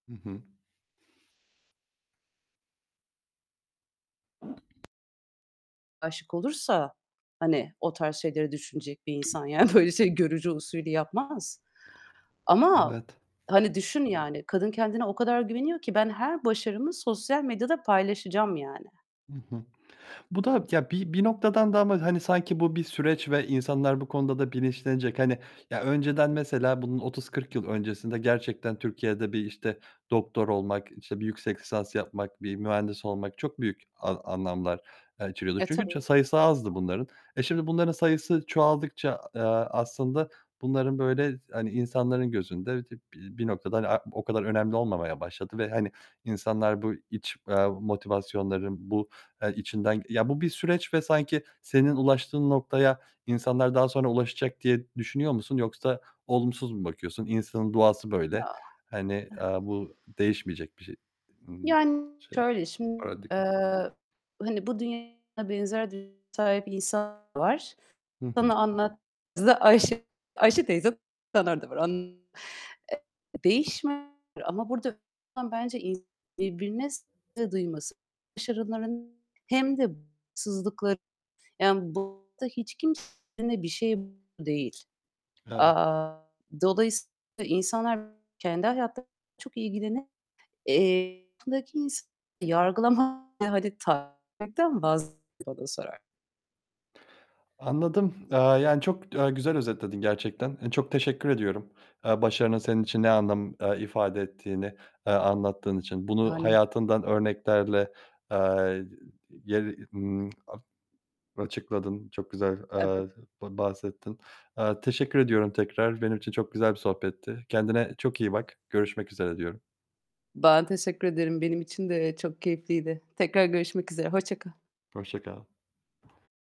Hı hı. Âşık olursa, hani, o tarz şeyleri düşünecek bir insan, yani, böyle, şey görücü usulü yapmaz. Ama, Evet. hani, düşün yani kadın kendine o kadar güveniyor ki ben her başarımı sosyal medyada paylaşacağım, yani. Hı hı. Bu da, ya, bi bir noktadan da ama, hani, sanki bu bir süreç ve insanlar bu konuda da bilinçlenecek. Hani, ya, önceden Tabii ki de. mesela bunun 30-40 yıl öncesinde gerçekten Türkiye'de bir, işte, doktor olmak, işte, bir yüksek lisans yapmak, bir mühendis olmak çok büyük a anlamlar, aaa, içeriyordu. E, Çünkü tabii. ça sayısı azdı bunların. E, şimdi bunların sayısı çoğaldıkça, a eee, aslında bunların, böyle, hani, insanların gözünde, dı bi bir noktada, hani, a o kadar önemli olmamaya başladı. Ve, hani, insanlar bu iç, eee, motivasyonların, bu, eee, içinden ya bu bir süreç ve sanki senin ulaştığın noktaya insanlar daha sonra ulaşacak diye düşünüyor musun yoksa olumsuz mu bakıyorsun? İnsanın doğası Ya. böyle. Ih. Hani, eee, bu değişmeyecek bir şey. Imm. Yani, Şey, şöyle, şim paradigm Eee, hani, bu dünyada benzer düşünceye sahip insan var. Hı hı. Sana anlattığımızı da Ayşe Ayşe teyze [unintelligible] var. An Eee, değişme Ama burada önemli olan bence ins birbirine saygı duyması. Başarıların hem de [unintelligible] Yani, burada hiç kimse [unintelligible] bir şey değil. Evet. Aaa, dolayısıyla insanlar kendi hayatlarıyla çok ilgilenir Eee, yakınındaki insanı yargılamaya, hadi, takmaktan vazgeçin bana sorar Anladım. Eee, yani çok, aaa, güzel özetledin gerçekten. Eee, çok teşekkür ediyorum. Eee, başarının senin için ne anlam, eee, ifade ettiğini, eee, anlattığın için. Bunu Yani. hayatından örneklerle, eee, [unintelligible] yer ımm, a açıkladın. Çok güzel, Evet. eee, ba bahsettin. Eee, teşekkür ediyorum tekrar. Benim için çok güzel bir sohbetti. Kendine çok iyi bak. Görüşmek üzere diyorum. Ben teşekkür ederim. Benim için de çok keyifliydi. Tekrar görüşmek üzere hoşça kal. Hoşça kal.